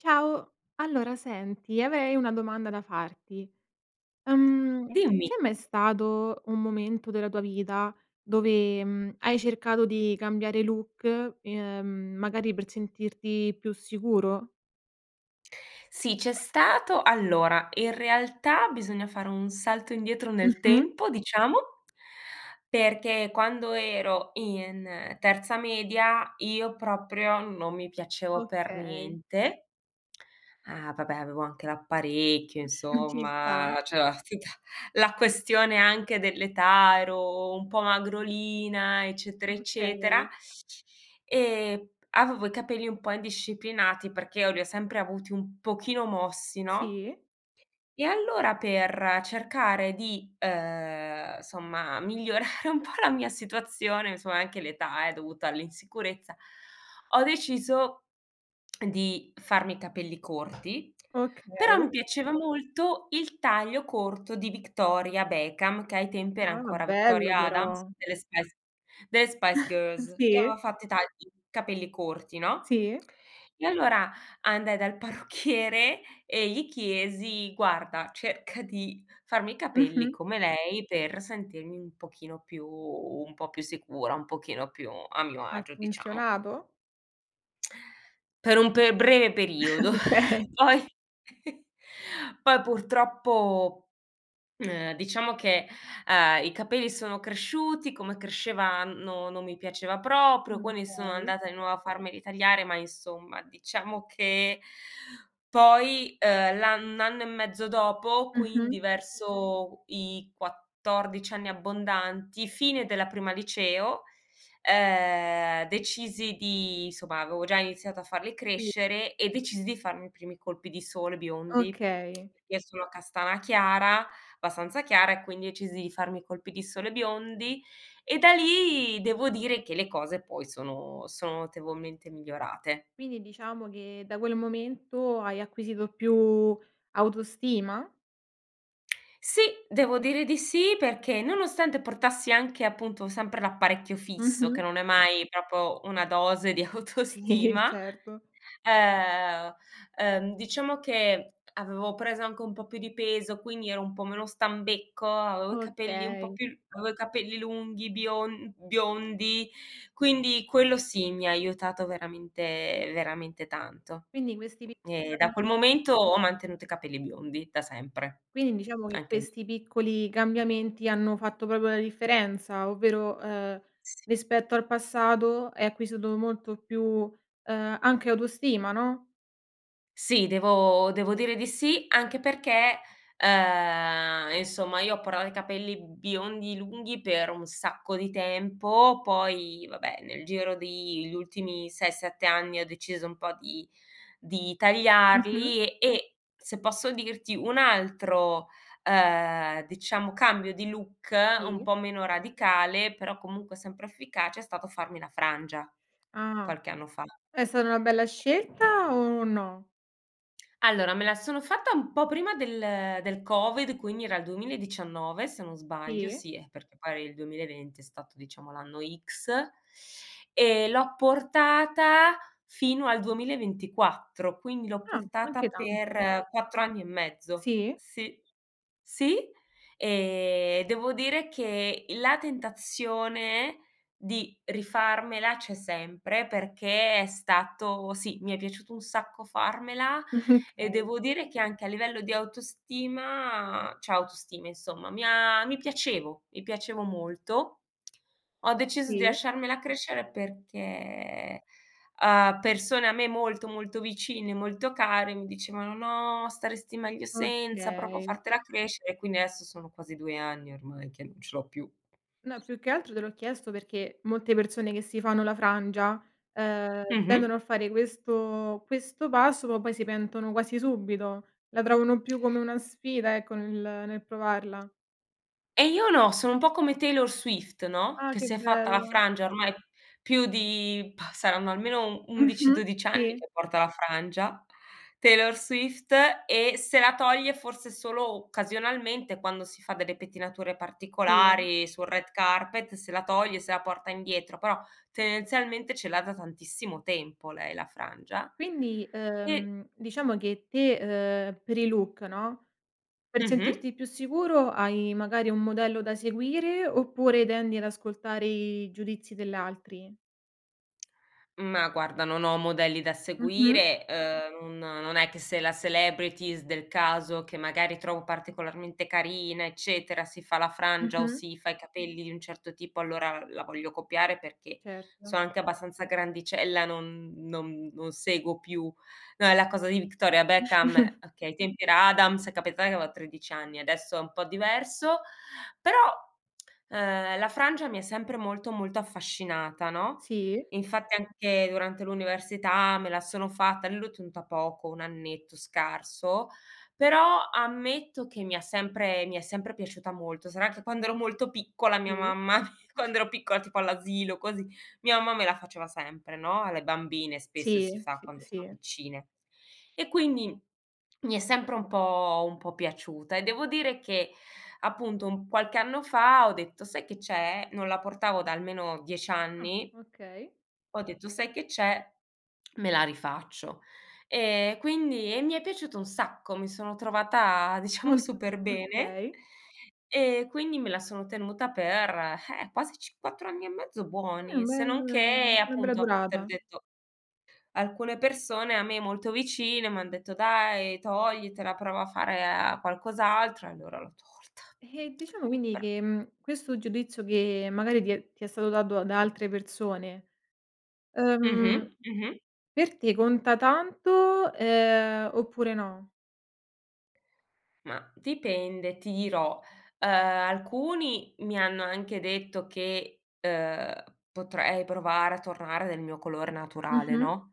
Ciao. Allora senti, avrei una domanda da farti, uhm, c'è Dimmi. mai stato un momento della tua vita dove, mhmm, hai cercato di cambiare look, ehm, magari per sentirti più sicuro? Sì, c'è stato. Allora, in realtà, bisogna fare un salto indietro nel Mh-mh. tempo, diciamo, perché quando ero in terza media io proprio non mi piacevo per Okay. niente. Ah, vabbè, avevo anche l'apparecchio, ci sta. insomma, cioè, tutta la questione anche dell'età, ero un po' magrolina, eccetera, eccetera, Okay. e avevo i capelli un po' indisciplinati perché io li ho sempre avuti un pochino mossi, no, Sì. e allora, per cercare di, uhm, somma, migliorare un po' la mia situazione, insomma, è anche l'età, eh, dovuta all'insicurezza, ho deciso di farmi i capelli corti. Però mi Okay. piaceva molto il taglio corto di Victoria Beckham, che ai tempi era Ah, ancora bello Victoria Adams, però. delle Spice delle Spice Girls, che aveva Sì. fatto i tagli, capelli corti, no, Sì. e allora andai dal parrucchiere e gli chiesi: “Guarda, cerca di farmi i capelli Mh-mh. come lei.” Per sentirmi un pochino più un po' più sicura, un pochino più a mio Ha agio, diciamo funzionato? Per un pe breve periodo; Okay. poi poi purtroppo, ehm, diciamo che, ehm, i capelli sono cresciuti come cresceva no, non mi piaceva Mh. proprio, quindi sono okay. andata di nuovo a farmeli tagliare ma insomma, diciamo che poi, ehm, l'ann 1 anno e mezzo dopo, quindi Mh-mh. verso i 14 anni abbondanti, fine della prima liceo, ehm, decisi di insomma avevo già iniziato a farli Sì. crescere e decisi di farmi i primi colpi di sole biondi, Okay. perché sono castana chiara abbastanza chiara, e quindi decisi di farmi i colpi di sole biondi; e da lì devo dire che le cose poi sono sono notevolmente migliorate. Quindi diciamo che da quel momento hai acquisito più autostima? Sì, devo dire di sì, perché nonostante portassi anche, appunto, sempre l'apparecchio fisso che Mh-mh. non è mai proprio una dose di Sì, autostima, certo. ehm, ehm, diciamo che avevo preso anche un po' più di peso quindi ero un po' meno stambecco, avevo i capelli un po' Okay. più l avevo i capelli lunghi bion biondi, quindi quello sì, mi ha aiutato veramente, veramente tanto. Quindi questi vi Mh, e da quel momento ho [unintelligible] mantenuto i capelli biondi da sempre. Quindi diciamo che Anche lì questi piccoli cambiamenti hanno fatto proprio la differenza, ovvero, ehm, Sì. rispetto al passato hai acquisito molto più, uhm, anche autostima, no? Sì, devo devo dire di sì, anche perchè, ehm, insomma io ho portato i capelli biondi lunghi per un sacco di tempo, poi vabbè nel giro di gli ultimi 6-7 anni ho deciso un po' di di Mh-mh. tagliarli e e, se posso dirti, un altro, ehm, diciamo cambio di look un Sì. po' meno radicale però comunque sempre efficace è stato farmi la frangia, Ah. qualche anno fa. È stata una bella scelta o no? Allora me la sono fatta un po' prima del del covid, quindi era il 2019, se non sbaglio. Sì. Sì, eh, perché poi il 2020 è stato diciamo l'anno X; e l'ho portata fino al 2024, quindi l'ho Ah, anche portata tanto. per 4 anni e mezzo. Sì. Sì. Sì, ehm, devo dire che la tentazione di rifarmela c'è sempre, perché è stato sì, mi è piaciuto un sacco farmela e Okay. devo dire che anche a livello di autostima cioè autostima insomma mi ha mi piacevo mi piacevo molto. Ho deciso di Sì. lasciarmela crescere perché, uhm, persone a me molto, molto vicine, molto care mi dicevano: "No, staresti meglio senza, provo a Okay. fartela crescere", e quindi adesso sono quasi 2 anni ormai che non ce l'ho più. No più che altro te l'ho chiesto perché molte persone che si fanno la frangia, ehm, Mh-mh. tendono a fare questo questo passo ma poi si pentono quasi subito. La trovano più come una sfida ecco nel nel provarla. E io no sono un po' come Taylor Swift, no, Ah, che che si è fatta la bella. frangia ormai più di bah, saranno almeno u 11, Mh-mh. 12 anni Sì. che porta la frangia Taylor Swift, e se la toglie forse solo occasionalmente quando si fa delle pettinature Sì. particolari, sul red carpet se la toglie e se la porta indietro, però tendenzialmente ce l'ha da tantissimo tempo lei la frangia. Quindi, E ehm, diciamo che te, ehm, per il look no, per Mh-mh. sentirti più sicuro hai magari un modello da seguire oppure tendi ad ascoltare i giudizi dell'altri? Ma guarda non ho modelli da Mh-mh. seguire. Uhm, un non è che se la celebrities del caso che magari trovo particolarmente carina eccetera, si fa la frangia o Mh-mh. si fa i capelli di un certo tipo allora la voglio copiare perché Certo. sono anche abbastanza grandicella, non non non seguo più no è la cosa di Victoria Beckham okay, ai tempi era Adams è capitato che avevo 13 anni, adesso è un po' diverso; però, ehm, la frangia mi è sempre molto, molto affascinata no? Sì. Infatti anche durante l'università me la sono fatta e lì l'ho tenuta poco, 1 annetto scarso, però ammetto che mi ha sempre mi è sempre piaciuta molto, sarà che quando ero molto piccola mia Sì. mamma quando ero piccola tipo all'asilo, così, mia mamma me la faceva sempre no, alle bambine spesso Sì. si fa Sì, quando sono sì. piccine. E quindi mi è sempre un po' un po' piaciuta e devo dire che, appunto, un qualche anno fa ho detto: "Sai che c'è?" Non la portavo da almeno 10 Ah, anni okay. ho detto: "Sai che c'è: me la rifaccio". Ehm, quindi e mi è piaciuto un sacco, mi sono trovata diciamo Molto. super bene, Okay. ehm, quindi me la sono tenuta per, eh, quasi cinqu 4 anni e mezzo Eh, un buoni, se bel non che una bella appunto, te l'ho durata. detto, alcune persone a me molto vicine m'han detto: "Dai toglitela, prova a fare, uhm, qualcos'altro", e allora l'ho tolta. Eh, diciamo quindi Però che, mhmm, questo giudizio che magari ti è ti è stato dato da altre persone, ehm, Mh-mh, mh-mh. per te conta tanto, ehm, oppure no? Ma dipende ti dirò. Ehm, alcuni mi hanno anche detto che, ehm, potrei provare a tornare del mio colore naturale Mh-mh. no?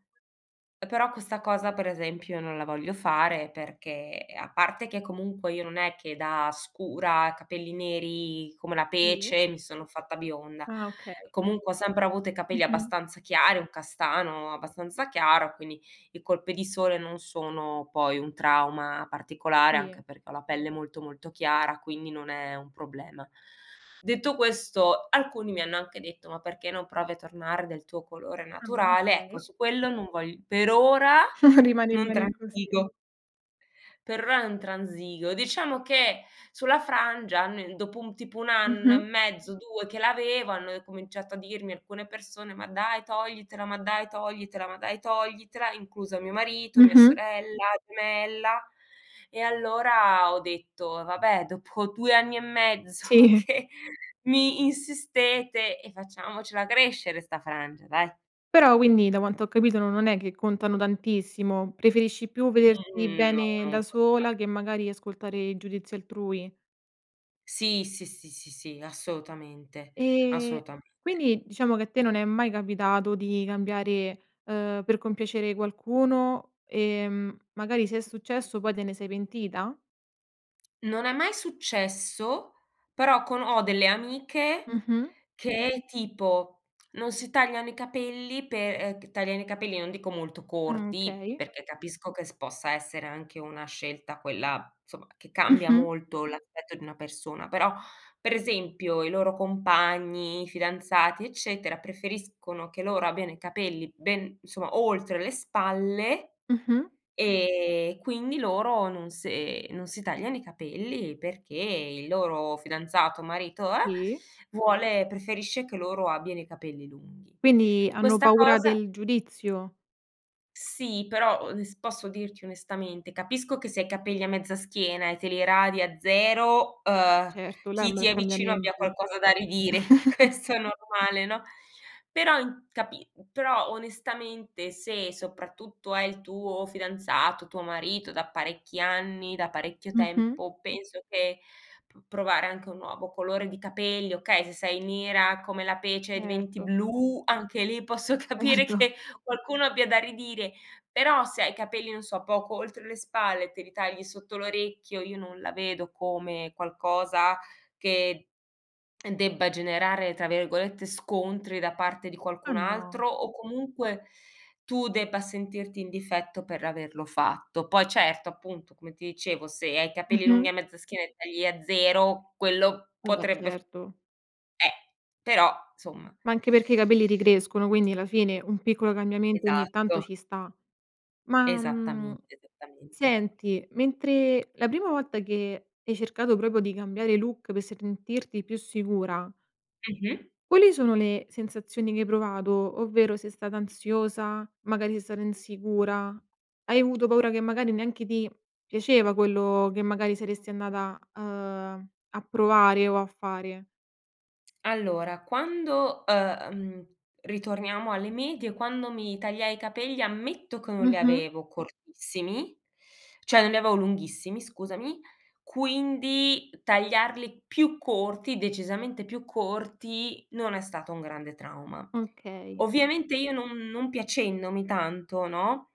Eh però questa cosa per esempio non la voglio fare, perché a parte che comunque io non è che da scura, capelli neri come la Sì. pece mi sono fatta bionda, Ah okay. comunque ho sempre avuto i capelli Mh-mh. abbastanza chiari, un castano abbastanza chiaro, quindi i colpi di sole non sono poi un trauma particolare Sì. anche perché ho la pelle molto, molto chiara quindi non è un problema. Detto questo alcuni mi hanno anche detto: "Ma perché non provi a tornare del tuo colore Ah, naturale?", Ecco okay. su quello non vogl per ora Rimani non bene così. transigo. Per r non transigo. Diciamo che sulla frangia almen dopo un tipo 1 anno e Mh-mh. mezzo, 2 che l'aveva hanno cominciato a dirmi alcune persone: "Ma dai toglitela, ma dai toglitela, ma dai toglitela", incluso mio marito, mia Mh-mh. sorella gemella, e allora ho detto: "Vabbè dopo 2 anni e mezzo Sì. che mi insistete e facciamocela crescere 'sta frangia dai". Però, quindi da quanto ho capito non è che contano tantissimo preferisci, più vederti Mhmm, no bene da non conta. sola che magari ascoltare il giudizio altrui. Sì, sì, sì, sì, sì, assolutamente. Ehm, Assolutamente. quindi diciamo che a te non è mai capitato di cambiare, ehm, per compiacere qualcuno, ehm, magari se è successo poi te ne sei pentita? Non è mai successo, però con ho delle amiche, Mh-mh. che tipo, non si tagliano i capelli pe uhm, che tagliano i capelli, non dico molto corti, Okay. perché capisco che s possa essere anche una scelta quella, insomma, che cambia Mh-mh. molto l'aspetto di una persona, però, per esempio i loro compagni, i fidanzati eccetera, preferiscono che loro abbiano i capelli ben insomma, oltre le spalle, Mh-mh. e quindi loro non se non si tagliano i capelli perché il loro fidanzato, marito, eh, Sì. vuole preferisce che loro abbiano i capelli lunghi. Quindi hanno Questa paura cosa del giudizio? Sì però, ones posso dirti onestamente, capisco che se hai i capelli a mezza schiena e te li radi a zero, Beh uhm, certo, là è un chi ti bel è vicino abbia cambiamento. qualcosa da ridire, questo è normale, no, però in capi però onestamente se soprattutto è il tuo fidanzato, tuo marito da parecchi anni, da parecchio Mh-mh. tempo, penso che, pr provare anche un nuovo colore di capelli okay se sei nera come la pece e diventi Erto. blu, anche lì posso posso capire Erto. che qualcuno abbia da ridire, però se hai capelli non so, poco oltre le spalle e te li tagli sotto l'orecchio, io non la vedo come qualcosa che, uhm, debba generare, tra virgolette, "scontri" da parte di Ma qualcun no. altro, o comunque, tu debba sentirti in difetto per averlo fatto; poi certo, appunto come ti dicevo, se hai i capelli lunghi Mh-mh. a mezza schiena e tagli a zero quello Vabbè, potrebbe f certo. eh,r però, insomma Ma anche perché i capelli ricrescono, quindi la fine un piccolo cambiamento ogni tanto Esatto. ci sta, ma, mhmm, Esattamente, esattamente. senti, mentre la prima volta che hai cercato proprio di cambiare look per sentirti più sicura Mh-mh. quali sono le sensazioni che hai provato? Ovvero sei stata ansiosa, magari sei stata insicura, hai avuto paura che, magari, neanche ti piaceva quello che, magari, saresti andata, uhm, a provare o a fare. allora, quando uhm, ritorniamo alle medie quando mi tagliai i capelli, ammetto che non li Mh-mh. avevo cortissimi cioè non li avevo lunghissimi scusami, quindi tagliarli più corti, decisamente più corti, non è stato un grande trauma; Okay. ovviamente io non non piacendomi tanto, no,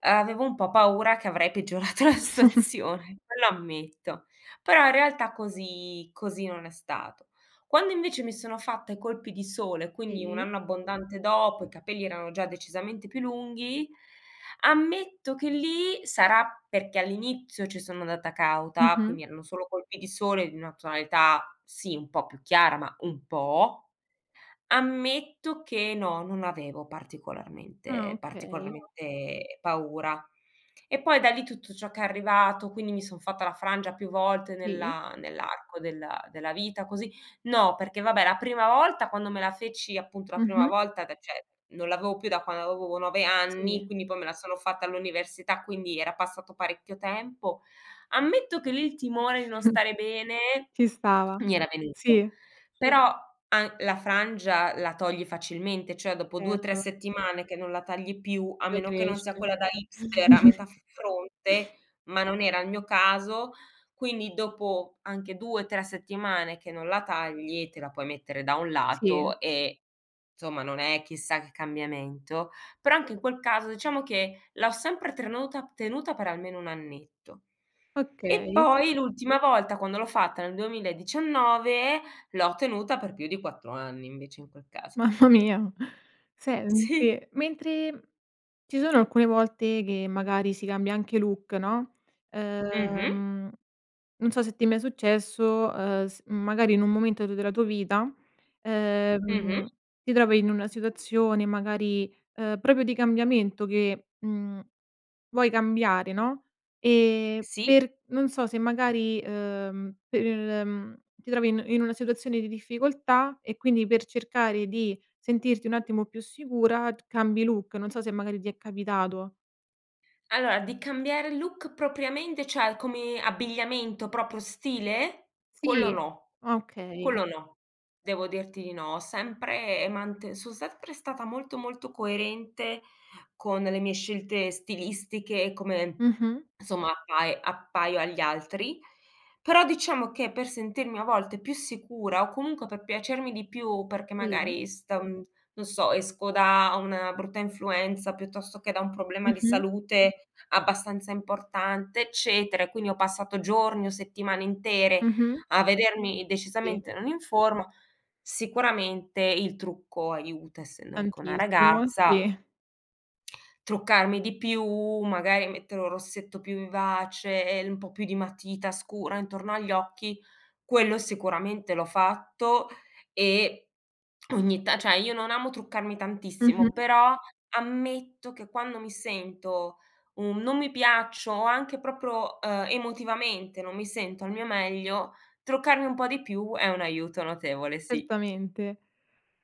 avevo un po' paura che avrei peggiorato la situazione quello ammetto, però in realtà così così non è stato; quando invece mi sono fatta i colpi di sole, quindi 1 Sì. anno abbondante dopo, i capelli erano già decisamente più lunghi, ammetto che lì sarà perché all'inizio ci sono andata cauta, Mh-mh. quindi erano solo colpi di sole di una tonalità, sì, un po' più chiara, ma un po', ammetto che no, non avevo Ah, particolarmente okay. particolarmente paura. E poi da lì tutto ciò che è arrivato, quindi mi son fatta la frangia più volte Sì. nella nell'arco della della vita così no perché vabbè, la prima volta quando me la feci appunto la prima Mh-mh. volta da cioè non l'avevo più da quando avevo 9 anni, Sì. quindi poi me la sono fatta all'università, quindi era passato parecchio tempo, ammetto che lì il timone di non stare bene ci stava, mi era venuto sì. però, an la frangia la togli facilmente cioè dopo 2, 3 Certo. settimane che non la tagli più a meno che non Ricresce. sia quella da hipster a metà f fronte, ma non era il mio caso, quindi dopo anche 2, 3 settimane che non la tagli, te la puoi mettere da un Sì. lato e insomma non è chissà che cambiamento, però anche in quel caso diciamo che l'ho sempre trenuta tenuta per almeno 1 annetto, e Okay. poi l'ultima volta quando l'ho fatta nel 2019 l'ho tenuta per più di 4 anni invece in quel caso. mamma mia! Si. Sente, mentre ci sono alcune volte, che magari si cambia anche look, no, Mh-mh. uhm, non so se ti è mai successo, uhm, s magari in un momento tuo della tua vita, Mh-mh. uhm, ti trovi in una situazione, magari, uhm, proprio di cambiamento che, mhmm, vuoi cambiare no, e Sì. per non so se magari, uhm, per mhmm, ti trovi in in una situazione di difficoltà, e quindi per cercare di sentirti un attimo più sicura t cambi look, non so se magari ti è capitato. Allora, di cambiare look propriamente cioè come abbigliamento, proprio stile? Quello Sì, no, okay. quello no, devo dirti di no, ho sempre, ehm, mante son sempre stata molto, molto coerente con le mie scelte stilistiche, come Mh-mh. insomma appai appaio agli altri, però diciamo, che per sentirmi a volte più sicura, o comunque per piacermi di più, perché Sì. magari stan non so esco da una brutta influenza, piuttosto che da un problema di Mh-mh. salute abbastanza importante eccetera, e quindi ho passato giorni, o settimane intere Mh-mh. a vedermi Sì. decisamente non in forma, sicuramente il trucco aiuta, essendo anche una Tantissimo, ragazza sì. truccarmi di più, magari mettere un rossetto più vivace, e un po' più di matita scura intorno agli occhi, quello sicuramente l'ho fatto, e ogni ta cioè, io non amo truccarmi tantissimo, Mh-mh però ammetto che quando mi sento un non mi piaccio, o anche proprio, ehm, emotivamente non mi sento al mio meglio, truccarmi un po' di più è un aiuto notevole, sì. Certamente,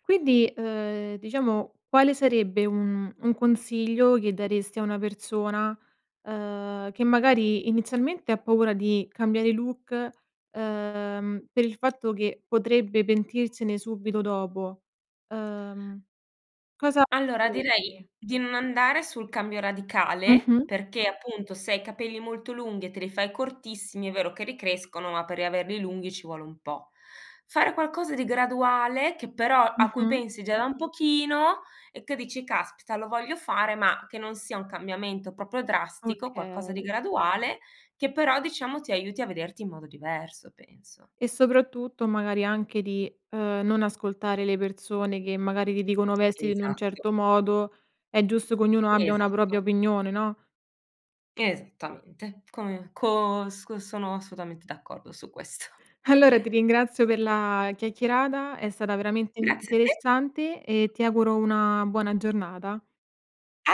quindi, uhm, diciamo quale sarebbe un un consiglio che daresti a una persona, uhm, che magari, inizialmente ha paura di cambiare look, uhm, per il fatto che potrebbe pentirsene subito dopo? Uhm, cosa Allora, diresti? direi di non andare sul cambio radicale, Mh-mh. perché appunto se hai i capelli molto lunghi e te li fai cortissimi, è vero che ricrescono, ma per riaverli lunghi ci vuole un po'; fare qualcosa di graduale, che però a cui Mh-mh. pensi già da un pochino e che dici: "Caspita lo voglio fare." Ma che non sia un cambiamento proprio drastico, qualcosa di Okay. graduale, che però diciamo ti aiuti a vederti in modo diverso penso. E soprattutto, magari anche di, uhm, non ascoltare le persone che magari ti dicono vestiti in un Esatto. certo modo, è giusto che ognuno abbia una propria Esatto. opinione, no? Esattamente, come cos cos sono assolutamente d'accordo su questo Allora ti ringrazio per la chiacchierata, è stata veramente Grazie a te! interessante, e ti auguro una buona giornata. A